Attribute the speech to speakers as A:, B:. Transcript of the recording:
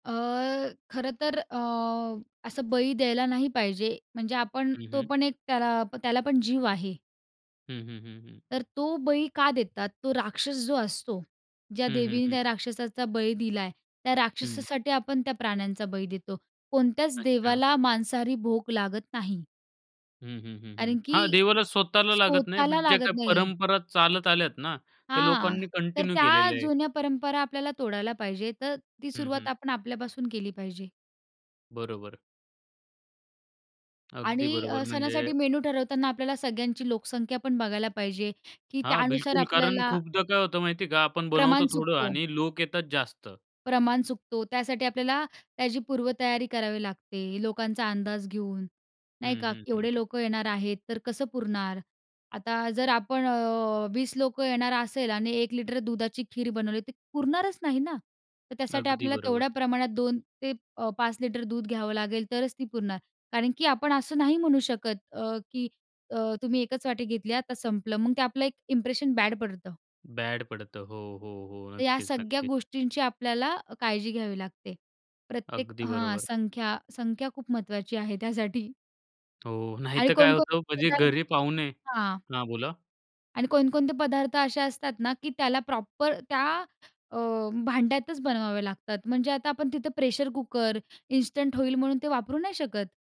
A: अ, खरं तर अ, असं बळी द्यायला नाही पाहिजे, म्हणजे आपण
B: हं,
A: तो
B: हम्म.
A: पण एक त्याला प त्याला पण जीव आहे.
B: हं, हं, हं, हं.
A: तर तो बळी का देतात? तो राक्षस जो असतो, ज्या
B: हं, हं,
A: देवीने
B: हं.
A: त्या राक्षसाचा बळी दिला आहे, त्या
B: हं.
A: राक्षसासाठी आपण त्या प्राण्यांचा बळी देतो. कोणत्याच
B: अच्छा.
A: देवाला मांसाहारी भोग लागत नाही
B: हं, हं, हं, हं.
A: कारण की
B: हां, देवाला स्वतःला लागत नाही,
A: स्वतःला
B: बट जे
A: लागत
B: काही
A: नाही.
B: परंपरा चालत आल्यात ना, त्या
A: हां,
B: लोकांनी
A: तर
B: कंटिन्यू
A: त्या
B: केलेल्या आहे.
A: जुन्या परंपरा आपल्याला तोडायला पाहिजे. तर ती
B: हं,
A: सुरुवात
B: हं.
A: आपण आपल्यापासून केली पाहिजे.
B: बरोबर. अगदी
A: आणि
B: बरोबर.
A: अ, सणासाठी
B: म्हणजे
A: मेनू ठरवताना आपल्याला सगळ्यांची लोकसंख्या पण बघायला पाहिजे, की
B: हां,
A: त्यानुसार
B: बिलकुल, कारण
A: आपल्याला
B: खूपदा काय होतं माहिती आहे का, आपण
A: प्रमाण
B: बनवतो थोडं
A: चुकतो.
B: आणि लोक येतात जास्त.
A: प्रमाण चुकतो त्यासाठी आपल्याला त्याची पूर्वतयारी करावी लागते, लोकांचा अंदाज घेऊन, नाही
B: हं,
A: का.
B: हं,
A: एवढे
B: हं.
A: लोकं येणार आहेत, तर कसं पुरणार? आता जर आपण अ, 20 लोकं येणार असेल आणि 1 लिटर दुधाची खीर बनवली, ती पुरणारच नाही ना. तर त्यासाठी
B: अगदी
A: आपल्याला तेवढ्या
B: बरोबर.
A: प्रमाणात 2 ते अ, 5 लिटर दूध घ्यावं लागेल तरच ती पुरणार. कारण की आपण असं नाही म्हणू शकत अ, की अ, "तुम्ही 1च वाटी घेतली. आता संपलं." मग ते आपलं एक इंप्रेशन बॅड पडतं.
B: बॅड पडतं. हो, हो, हो.
A: तर या
B: नक्कीच,
A: सगळ्या
B: नक्कीच.
A: गोष्टींची आपल्याला अ, काळजी घ्यावी लागते. प्रत्येक
B: अगदी
A: हां,
B: बरोबर.
A: संख्या संख्या खूप महत्वाची आहे त्यासाठी.
B: हो, नाही
A: आणि
B: तर काय होतं,
A: कोणकोणते
B: म्हणजे घरी
A: पदार्थ
B: पाहुणे
A: हां.
B: हां, बोला.
A: आणि कोणकोणते पदार्थ असे असतात ना की त्याला प्रॉपर त्या अ, भांड्यातच बनवावे लागतात. म्हणजे आता आपण तिथं प्रेशर कुकर, इन्स्टंट होईल म्हणून ते वापरू नाही शकत.